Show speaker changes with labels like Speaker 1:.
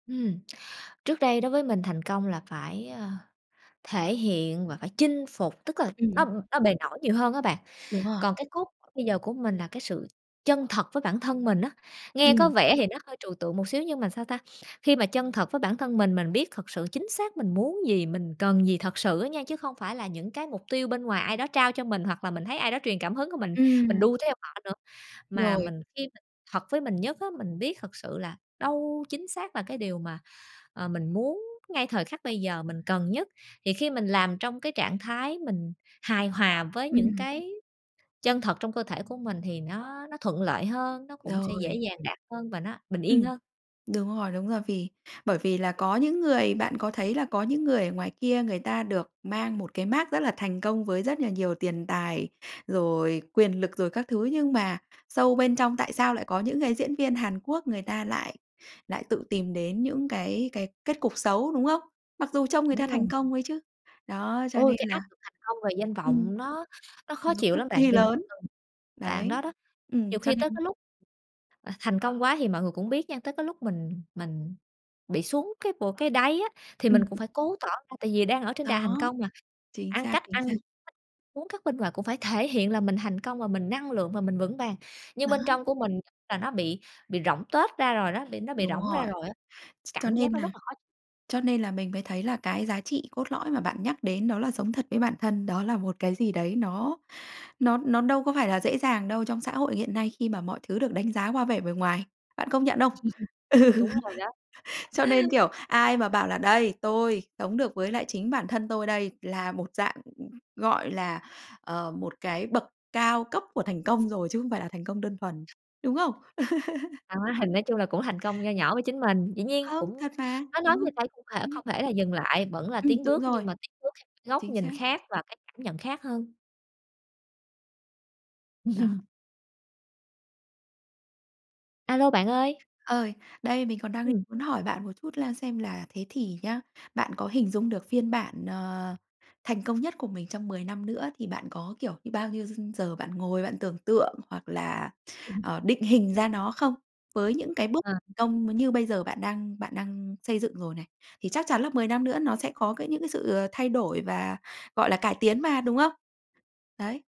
Speaker 1: Ừm, trước đây đối với mình thành công là phải, ơ, thể hiện và phải chinh phục, tức là nó,
Speaker 2: Ừm.
Speaker 1: ừm, nó bề nổi nhiều hơn á bạn.
Speaker 2: Đúng rồi.
Speaker 1: Còn cái cốt bây giờ của mình là cái sự chân thật với bản thân mình á, nghe có
Speaker 2: Ừm.
Speaker 1: vẻ thì nó hơi trừu tượng một xíu nhưng mà, sao ta, khi mà chân thật với bản thân mình, mình biết thực sự chính xác mình muốn gì, mình cần gì thật sự á nha, chứ không phải là những cái mục tiêu bên ngoài ai đó trao cho mình hoặc là mình thấy ai đó truyền cảm hứng c mình mình
Speaker 2: Ừm.
Speaker 1: đu theo họ nữa, mà
Speaker 2: Rồi.
Speaker 1: mình khi mình thật với mình nhất á, mình biết thật sự là đâu chính xác là cái điều mà, ờ, mình muốn ngay thời khắc bây giờ mình cần nhất, thì khi mình làm trong cái trạng thái mình hài hòa với những
Speaker 2: Ừm.
Speaker 1: cái chân thật trong cơ thể của mình thì nó nó thuận lợi hơn, nó cũng sẽ dễ
Speaker 2: Rồi.
Speaker 1: dàng đạt hơn và nó bình
Speaker 2: Ừm.
Speaker 1: yên hơn.
Speaker 2: Đúng rồi, đúng rồi, vì bởi vì là có những người bạn có thấy là có những người ở ngoài kia người ta được mang một cái mác rất là thành công với rất là nhiều tiền tài, rồi quyền lực, rồi các thứ nhưng mà sâu bên trong tại sao lại có những cái diễn viên Hàn Quốc người ta lại lại tự tìm đến những cái cái kết cục xấu, đúng không? Mặc dù trông người ta
Speaker 1: Đúng
Speaker 2: thành
Speaker 1: luôn.
Speaker 2: công đấy chứ. Đó, cho
Speaker 1: Ôi,
Speaker 2: nên
Speaker 1: cái
Speaker 2: là
Speaker 1: áp lực thành công về danh
Speaker 2: ừm.
Speaker 1: vọng nó nó khó
Speaker 2: Nó
Speaker 1: chịu
Speaker 2: cực
Speaker 1: lắm bạn,
Speaker 2: kỳ
Speaker 1: vì bình
Speaker 2: lớn,
Speaker 1: thường đoạn
Speaker 2: đấy,
Speaker 1: đó, đó,
Speaker 2: ừm,
Speaker 1: nhiều
Speaker 2: cho
Speaker 1: khi tới cái
Speaker 2: nên
Speaker 1: lúc, ờ, thành công quá thì mọi người cũng biết nha, tới cái lúc mình mình bị xuống cái bộ cái đáy á, thì
Speaker 2: Ừm.
Speaker 1: mình cũng phải cố tỏ ra tại vì đang ở trên đà thành
Speaker 2: Đó,
Speaker 1: công mà,
Speaker 2: chính
Speaker 1: ăn
Speaker 2: xác,
Speaker 1: cách
Speaker 2: chính
Speaker 1: ăn
Speaker 2: xác.
Speaker 1: [unintelligible] uống, cắt bên ngoài cũng phải thể hiện là mình thành công và mình năng lượng và mình vững vàng nhưng
Speaker 2: Đó.
Speaker 1: bên trong của mình nó bị bị rỗng tuếch ra rồi đó, bị nó bị
Speaker 2: Đúng
Speaker 1: rỗng ra
Speaker 2: rồi,
Speaker 1: rồi á.
Speaker 2: ch cho
Speaker 1: Cảm giác
Speaker 2: nên
Speaker 1: nó
Speaker 2: là
Speaker 1: rất là khó
Speaker 2: cho nên là mình mới thấy là cái giá trị cốt lõi mà bạn nhắc đến đó là sống thật với bản thân, đó là một cái gì đấy nó nó nó đâu có phải là dễ dàng đâu, trong xã hội hiện nay khi mà mọi thứ được đánh giá qua vẻ bề ngoài, bạn công nhận không? Ừ,
Speaker 1: Đúng rồi đó.
Speaker 2: cho nên, kiểu, ai mà bảo là "Đây, tôi sống được với lại chính bản thân tôi đây." là một dạng, gọi là, ờ, một cái bậc cao cấp của thành công rồi, chứ không phải là thành công đơn thuần, đúng không?
Speaker 1: Đó, thành nói chung là cũng thành công nho nhỏ với chính mình, dĩ nhiên
Speaker 2: Không,
Speaker 1: cũng
Speaker 2: thật mà,
Speaker 1: nói nói
Speaker 2: đúng không?
Speaker 1: như vậy không thể
Speaker 2: Ừm.
Speaker 1: không thể là dừng lại, vẫn là
Speaker 2: Ừm,
Speaker 1: tiến
Speaker 2: đúng
Speaker 1: bước
Speaker 2: rồi,
Speaker 1: nhưng mà tiến bước theo cái góc
Speaker 2: chính
Speaker 1: nhìn
Speaker 2: xác.
Speaker 1: khác và cái cảm nhận khác hơn.
Speaker 2: Đó.
Speaker 1: A lô, bạn ơi.
Speaker 2: Ơi, đây mình còn đang định
Speaker 1: Ừm.
Speaker 2: muốn hỏi bạn một chút là xem là thế thì nhá, bạn có hình dung được phiên bản, ờ, thành công nhất của mình trong 10 năm nữa thì bạn có, kiểu, như bao nhiêu giờ bạn ngồi bạn tưởng tượng hoặc là,
Speaker 1: [unintelligible]
Speaker 2: ờ, định hình ra nó không? Với những cái bước
Speaker 1: Ờ.
Speaker 2: thành công m như bây giờ bạn đang bạn đang xây dựng rồi này. Thì chắc chắn là 10 năm nữa nó sẽ có cái những cái sự, ờ, thay đổi và, gọi là, cải tiến mà, đúng không? Đấy.